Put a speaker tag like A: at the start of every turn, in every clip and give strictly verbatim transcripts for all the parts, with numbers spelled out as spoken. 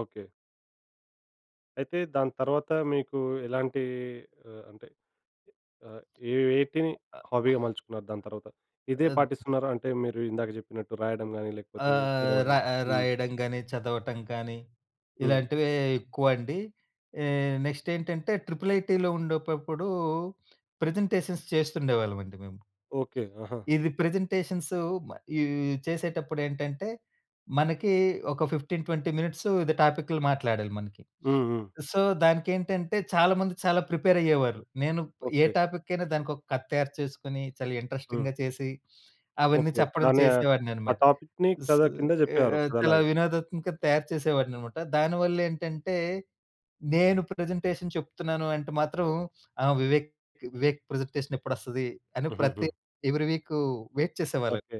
A: Okay. అయితే, దాని తర్వాతా మీకూ ఎలాంటీ ఆహ్, అంటే, అహ్, ఏ వేటిని హాబీగా మలుచుకున్నారు దాని తర్వాత. ఇదే
B: అద్
A: పాటిస్తున్నారా, అంటే, మీరు ఇందాక జెప్పినట్టు రాయడం గానీ, లేకపోతే
B: ఆహ్, రా
A: చదవడం? హ్మ్.
B: రాయడం గానీ, చదవటం కానీ,
A: హ్మ్.
B: ఇలాంటివే ఎక్కువండి. ఏ, నెక్స్టేంటంటే ట్రిపుల్ ఐటీలో ఉండేపప్పుడూ ప్రజెంటేషన్స్ చేస్తుండేవాళ్ళమండి మేము.
A: ఓకే. ఆహా!
B: ఇది ప్రజెంటేషన్స్ మ ఇవీ చేసేటప్పుడేంటంటే, మనకి ఒక ఫిఫ్టీన్, ట్వంటీ మినిట్స్ ఇది టాపిక్కులు మాట్లాడాలి మనకి.
A: హ్మ్. హ్మ్.
B: సో, దానికేంటంటే, చాలా మంది చాలా ప్రిపేరయ్యేవారు. నేను ప్ ఏ
A: ఓకే.
B: టాపిక్కైనా దానికొక కథ తయారు చేసుకొనీ, చాలా
A: హ్మ్.
B: ఇంట్రస్టింగ్‌గా చేసి, అవన్నీ
A: ఓకే.
B: చెప్పడం
A: దాన్ని ఆహ్, ఆ
B: చేసేవాడిననమాట.
A: టాపిక్‌ని
B: ఉ
A: కథ
B: సూ
A: కింద
B: ఏ
A: జెప్పేవారు
B: చాలా
A: కథలాగే.
B: వినోదాత్మక తయారు చేసేవాడిననమాట. దాని వల్లేంటంటే, నేను ప్రెజెంటేషన్ చెప్తున్నాను అంటే మాత్రం, ఆ! వివేక్ వివేక్ ప్రజెంటేషనెప్పుడొస్తది అని ప్రతి,
A: హుహుహు.
B: ఎవ్రీ వీకూ వెయిట్ చేసేవాళ్ళండి.
A: ఓకే.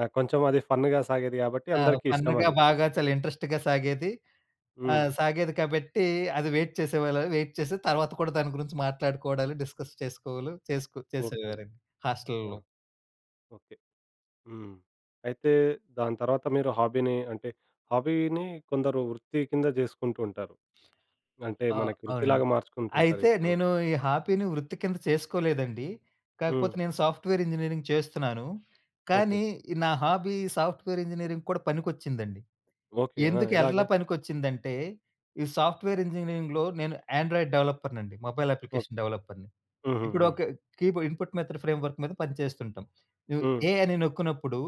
A: ఆ! కొంచెమది ఫన్న్‌గా సాగేది గాబట్టి
B: ఆ!
A: అందరికీ
B: ఫన్న్‌గా
A: ఇష్టమది.
B: బాగా చాలా ఇంట్రస్ట్‌గా సాగేది.
A: హ్మ్.
B: ఆహ్, సాగేది కాబట్టీ అది వెయిట్ చేసేవాళా, వెయిట్ చేసి తర్వాత కూడా దాని గురించి మాట్లాడుకోవడాలు, డిస్కస్ చేసుకోవలు చేస్కు
A: ఓకే.
B: చేసేవారండి హాస్టల్లలో.
A: ఆహా! ఓకే. హ్మ్. అయితే, దాని తర్వాత మీరు హాబీని అంటే, హాబీనీ కొందరు వృత్తి కింద జేసుకుంటూ ఉంటారు. అంటే,
B: ఆ!
A: మనకి
B: అవునండి.
A: వృత్తిలాగా
B: అయితే,
A: మార్చుకుంటుంటారిప్పుడు.
B: నేను ఈ హాపీని వృత్తి కింద చేసుకోలేదండి.
A: హ్మ్.
B: కాకపోతే, నేను సాఫ్ట్‌వేరింజినీరింగ్ చేస్తున్నాను,
A: ఓకే.
B: కానీ నా హాబీ సాఫ్ట్‌వేర్ ఇంజినీరింగ్‌కి కూడా పనికొచ్చిందండి.
A: ఓకే. ఆ!
B: ఎందుకేల్లా
A: ఎలాగా?
B: పనికొచ్చిందంటే, ఈ సాఫ్ట్‌వేర్ ఇంజినీరింగ్‌లో నేను యాండ్రాయిడ్ డవలప్పర్‌నండి, మొబైల్
A: ఓకే.
B: అప్లికేషన్ డవలప్పర్‌ని.
A: హుహుహు.
B: ఇప్పుడొక కీబోర్డ్ ఇన్‌పుట్ మెథడ్ ఫ్రేమ్‌వర్క్ మీద పనిచేస్తుంటాం. నువు
A: హ్మ్.
B: ఏ అని నొక్కినప్పుడు